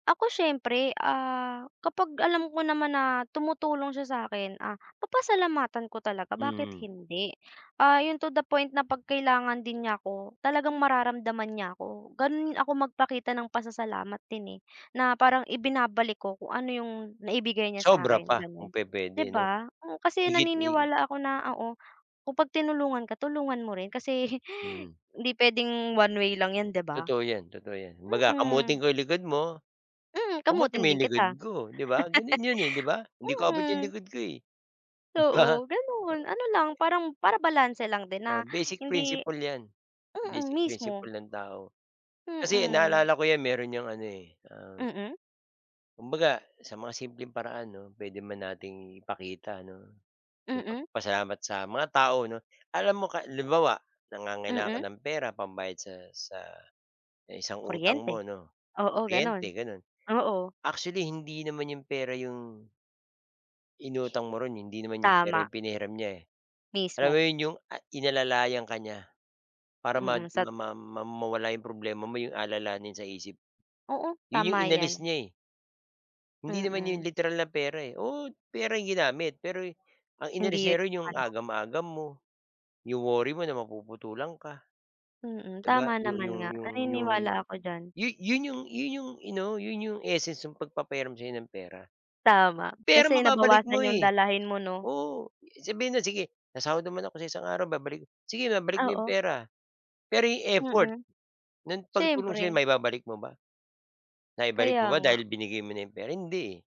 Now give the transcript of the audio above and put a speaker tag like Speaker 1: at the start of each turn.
Speaker 1: Ako siyempre, ah, kapag alam ko naman na tumutulong siya sa'kin, ah, papasalamatan ko talaga bakit
Speaker 2: Mm.
Speaker 1: hindi. Ah, 'yung to the point na 'pag kailangan din niya ko talagang mararamdaman niya ako, gano'n ako magpakita ng pasasalamat din, eh. Na parang ibinabalik ko kung ano 'yung naibigay niya
Speaker 2: Sobra
Speaker 1: sa'kin
Speaker 2: pa kung
Speaker 1: gano'n,
Speaker 2: pupuwede
Speaker 1: 'di
Speaker 2: 'no.
Speaker 1: ba? Kasi
Speaker 2: higit, eh.
Speaker 1: naniniwala ako na oo, kung pag tinulungan ka tulungan mo rin kasi,
Speaker 2: Hmm.
Speaker 1: hindi puwedeng one way lang 'yan 'di ba?
Speaker 2: Totoo 'yan, totoo 'yan, kumbaga kamutin
Speaker 1: Mm.
Speaker 2: ko likod mo.
Speaker 1: Mm,
Speaker 2: Kumutin mo
Speaker 1: kamutin din
Speaker 2: 'yong likod
Speaker 1: kita.
Speaker 2: ko 'di ba gano'n 'yon, eh, 'di ba, hindi ko abot 'yung
Speaker 1: Mm.
Speaker 2: likod ko, eh. 'Di ba?
Speaker 1: Oo, gano'n, ano lang parang para balanse lang din na
Speaker 2: Oh, basic
Speaker 1: hindi
Speaker 2: principle 'yan.
Speaker 1: Mm,
Speaker 2: Basic
Speaker 1: mismo.
Speaker 2: principle ng tao. Kasi
Speaker 1: Mm.
Speaker 2: naalala ko 'yan merong 'yang ano, eh, ah.
Speaker 1: Mm.
Speaker 2: Kumbaga sa mga simpleng paraan 'no puwede man nating ipakita 'no. 'Yong
Speaker 1: Mm.
Speaker 2: magpasalamat sa mga tao 'no, alam mo ka lu limbawa nangangailangan ka
Speaker 1: Mm.
Speaker 2: ng pera pambayad sa sa, isang utang
Speaker 1: Kuryente.
Speaker 2: mo 'no,
Speaker 1: Oo, gano'n.
Speaker 2: kuryente gano'n.
Speaker 1: Oo.
Speaker 2: Actually hindi naman 'yong pera 'yong. Inutang mo ro'n hindi naman yung pera
Speaker 1: Tama.
Speaker 2: yung pinahiram niya. Alam mo
Speaker 1: Mismo.
Speaker 2: 'yun 'yung a inalalayan ka niya. Para mad
Speaker 1: Mm, sat
Speaker 2: ma ma ma mawala 'yung problema mo 'yung alalanin sa isip.
Speaker 1: Oo,
Speaker 2: 'Yun 'yung
Speaker 1: tama
Speaker 2: inalis
Speaker 1: 'yan.
Speaker 2: niya, eh. Hindi naman
Speaker 1: Mm.
Speaker 2: 'yung literal na pera, eh, oo, pera 'yung ginamit pero, ang
Speaker 1: Hindi
Speaker 2: inalis
Speaker 1: 'yun
Speaker 2: niya run 'yung
Speaker 1: ano.
Speaker 2: agam-agam mo. 'Yung worry mo na mapuputulan ka.
Speaker 1: Mm,
Speaker 2: 'Di ba
Speaker 1: tama
Speaker 2: yu
Speaker 1: naman
Speaker 2: 'yung
Speaker 1: nga,
Speaker 2: 'yung 'yung.
Speaker 1: naniniwala ako diyan.
Speaker 2: 'Yu 'yun 'yung 'yu 'yung ano, 'yun 'yung essence 'yung pagpapahiram sa'yo ng pera.
Speaker 1: Tama,
Speaker 2: Pera
Speaker 1: kasi
Speaker 2: mababalik mo,
Speaker 1: nabawasan 'yung
Speaker 2: eh.
Speaker 1: dalahin mo, 'no?
Speaker 2: Oo, sabihin na, "Sige, sasahod naman ako sa isang araw babalik," Sige babalik mo 'yong
Speaker 1: Oo.
Speaker 2: pera, pero 'yong effort,
Speaker 1: Mm.
Speaker 2: ng pagtulong sa'yo,
Speaker 1: Siyempre.
Speaker 2: maibabalik mo ba? Naibalik mo
Speaker 1: Kaya
Speaker 2: ba
Speaker 1: nga.
Speaker 2: dahil binigay mo na 'yong pera? Hindi, eh.